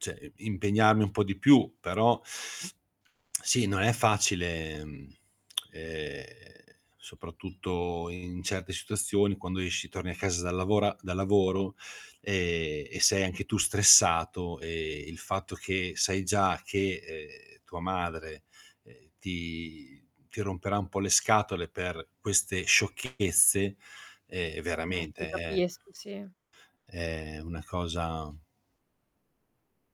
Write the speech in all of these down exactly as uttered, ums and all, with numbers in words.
ceh, ehm, impegnarmi un po' di più, però sì non è facile, mhmm, ehm, soprattutto in certe situazioni, quando esci, torni a casa dal lavora da lavoro, ehm, e sei anche tu stressato, ehm, il fatto che sai già che, ehm, tua madre, ehm, ti ti romperà un po' le scatole per queste sciocchezze, ehm, Eh, ti veramente è capisco, sì. è una cosa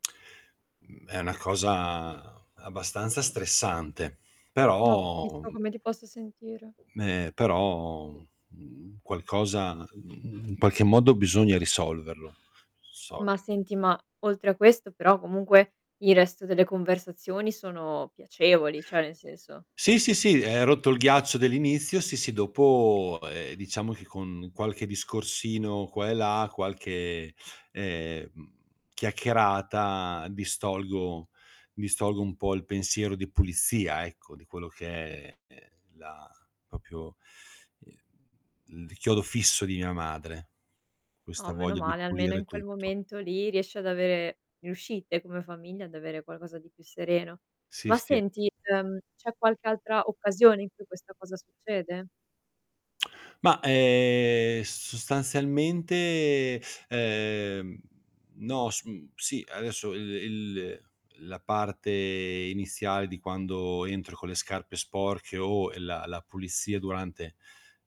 mhmm, è una cosa abbastanza stressante, No, però capisco come ti possa sentire. ehm, però, mhmm, qualcosa mhmm, in qualche modo bisogna risolverlo. So Ma senti, ma oltre a questo, però comunque il resto delle conversazioni sono piacevoli, cioè nel senso. Sì, sì, sì, ehm, rotto il ghiaccio dell'inizio, sì, sì, dopo, ehm, diciamo che con qualche discorsino qua e là, qualche, ehm, mhmm, chiacchierata, distolgo distolgo un po' il pensiero di pulizia ecco, di quello che è è la popio ehm, mhmm, l di chiodo fisso di mia madre. Oh, Questa meno voglia di male, almeno in pulire quel tutto. momento lì riesci ad avere riuscite come famiglia, ad avere qualcosa di più sereno. Sì, Ma sì, è senti, uhm, c'è qualche altra occasione in cui questa cosa succede? Ma, ehm, sostanzialmente, ehm, no sum sì, adesso il il la parte iniziale di quando entro con le scarpe sporche o la la pulizia durante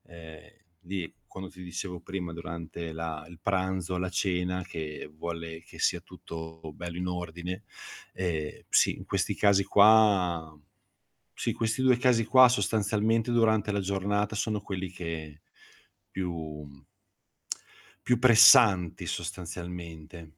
ehm, di quando ti dicevo prima, durante la il pranzo, la cena, che vuole che sia tutto bello in ordine. Ehm, sì, in questi casi qua sì, questi due casi qua, sostanzialmente, durante la giornata sono quelli che più mhmm, più pressanti sostanzialmente.